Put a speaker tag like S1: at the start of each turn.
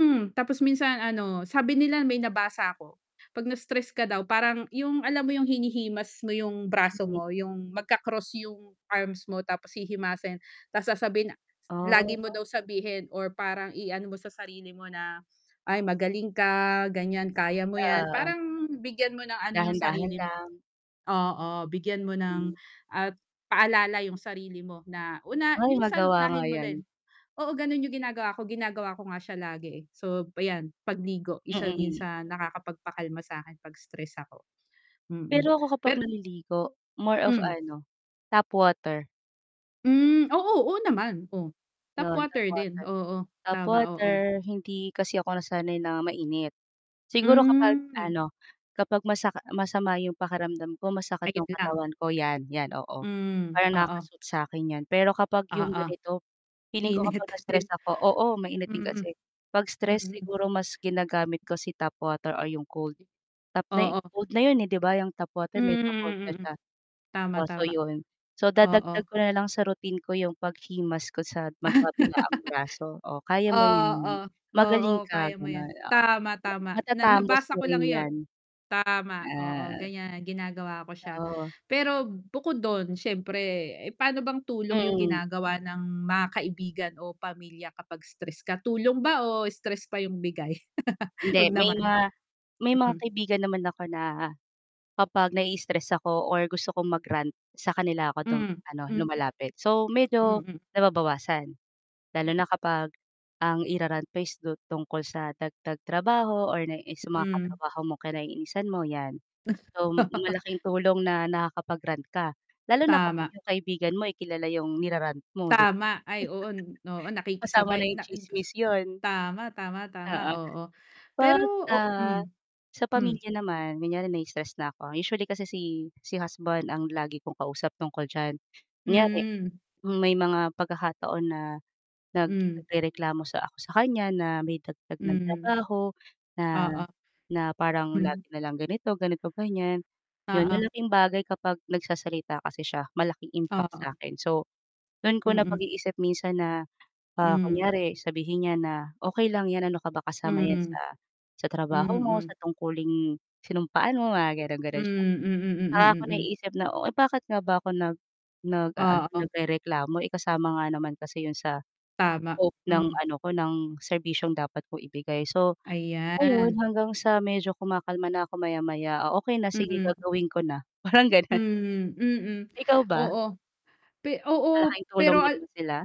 S1: Mm, tapos minsan ano sabi nila may nabasa ako 'pag na-stress ka daw, parang yung alam mo yung hinihimas mo yung braso
S2: Mhm.
S1: mo, yung magka-cross yung arms mo tapos hihimasin? Ta's sasabihin na lagi mo
S2: Ah.
S1: daw sabihin or parang i-ano mo sa sarili mo na, "Ay, magaling ka," ganyan, "kaya mo yan."
S2: Oo.
S1: parang bigyan mo ng ano yung
S2: Dahan-dahan
S1: sarili mo.
S2: lang.
S1: Oo, bigyan mo
S2: Hmm.
S1: ng at paalala yung sarili mo na, una
S2: Ay,
S1: minsan,
S2: magawa nga
S1: unahin mo
S2: 'yan.
S1: rin. Oo, ganun yung ginagawa ko, ginagawa ko nga siya lagi, eh. So, ayan pagligo, isa din yun
S2: Mm.
S1: sa nakakapagpakalma sakin 'pag stress ako, mm.
S2: Pero ako kapag
S1: Pe
S2: naliligo more of
S1: Hmm.
S2: ano, tap water.
S1: Hmm, oo, oo naman, oh? Tap
S2: 'Yon tap
S1: water din,
S2: water
S1: oo.
S2: tap
S1: Tama, oo.
S2: water, hindi kasi ako nasanay na mainit. Siguro kapag
S1: Hmm.
S2: ano, kapag masaka masama 'yong pakiramdam ko, masakit
S1: Ayun
S2: 'yong
S1: lang.
S2: katawan ko, 'yan, 'yan, oo.
S1: Hmm,
S2: Parang
S1: oo.
S2: nakaka-sooth sa akin 'yan pero kapag 'yong
S1: Oo.
S2: ganito, feeling ko
S1: Init
S2: kapag
S1: na din
S2: na-stress ako oo mainit din
S1: Mm.
S2: kasi. 'Pag stress
S1: Mm.
S2: siguro mas ginagamit ko si tap water or 'yong cold.
S1: [unintelligible]
S2: Tap na eh
S1: Oo.
S2: cold na 'yon, eh, 'di ba, yung tap
S1: Hmm,
S2: water medyo cold na
S1: mm.
S2: siya.
S1: Tama,
S2: Oh, so
S1: tama.
S2: yun. So dadagdag
S1: Oo.
S2: ko nalang sa routine ko yung paghimas ko sa magkabilaang braso. "Oh, kaya mo
S1: Oo.
S2: yan.
S1: Oo,
S2: Magaling ka."
S1: kaya mo
S2: ganon,
S1: yan.
S2: oo.
S1: Tama,
S2: Yan,
S1: tama! Na
S2: "Matatapos
S1: nabasa
S2: mo
S1: ko lang
S2: rin
S1: yun.
S2: yan."
S1: Tama, oo
S2: At
S1: ganyan, ginagawa ko siya.
S2: Oo.
S1: Pero bukod dun siyempre, eh, paano bang tulong yung
S2: Mm.
S1: ginagawa ng mga kaibigan o pamilya kapag stress ka? Tulong ba o stress pa yung bigay?
S2: Hindi
S1: Huwag
S2: may
S1: naman.
S2: mga may mga
S1: Hmm.
S2: kaibigan naman ako na kapag nai-istress ako or gusto kong mag-rant sa kanila ako dum
S1: Hmm,
S2: ano
S1: mm.
S2: lumalapit. So medyo
S1: Mm.
S2: nababawasan
S1: Hmm.
S2: lalo na kapag ang ira-rant pa is du tungkol sa dagdag trabaho or naiinis sa mga
S1: Hmm.
S2: katrabaho mo, kinaiinisan mo, 'yan. So malaking tulong na nakakapag-rant ka. Lalo na kapag
S1: Tama.
S2: yung kaibigan mo, eh, kilala 'yong nira-rant mo, 'di ba?
S1: Tama. Ay, oo n oo,
S2: Kasama na
S1: nakikisabay
S2: yung
S1: na in buso
S2: tsismis yun.
S1: tama, tama, tama,
S2: Oo.
S1: oo. Pero
S2: 'Pag,
S1: o hmm?
S2: ah, sa
S1: Hmm.
S2: pamilya naman, kunyari nai-stress na ako, usually kasi si si husband ang lagi kong kausap tungkol diyan. Kunyari
S1: Hmm.
S2: may mga pagkakataon na nag
S1: Hmm.
S2: nagrereklamo sa ako sa kanya na may dagdag ng
S1: Hmm.
S2: trabaho na
S1: Oo.
S2: na parang
S1: Hmm.
S2: lagi nalang ganito, ganito-ganyan. 'Yon,
S1: Oo.
S2: malaking bagay kapag nagsasalita kasi siya, malaking impact sa
S1: Oo.
S2: akin. So dun ko
S1: Mm.
S2: napag-iisip minsan na, ah,
S1: Hmm.
S2: kunyari, sabihin niya na, "Okey lang 'yan, ano ka ba kasama 'yan
S1: Mm.
S2: sa sa trabaho mo,
S1: Mm.
S2: sa tungkuling, sinumpaan mo." Mga
S1: Hmm,
S2: gano'n-gano'n siya.
S1: mm,
S2: Saka ko
S1: mm, mm.
S2: naiisip na, "Oh, eh, bakit nga ba ako nag nag-aano,
S1: Oo.
S2: nagrereklamo, eh, kasama nga naman kasi 'yon sa,
S1: Tama,
S2: scope ng
S1: hmm.
S2: ano ko ng serbisyong dapat kong ibigay." So, ayun
S1: Ayan.
S2: hanggang sa medyo kumakalma na ako maya-maya, "Ah, okey na, sige
S1: Mm.
S2: gagawin ko na," parang gano'n.
S1: Hmm, mm.
S2: Ikaw ba?
S1: Oo. Pe oo,
S2: Malaking tulong
S1: pero
S2: din
S1: al
S2: ba sila?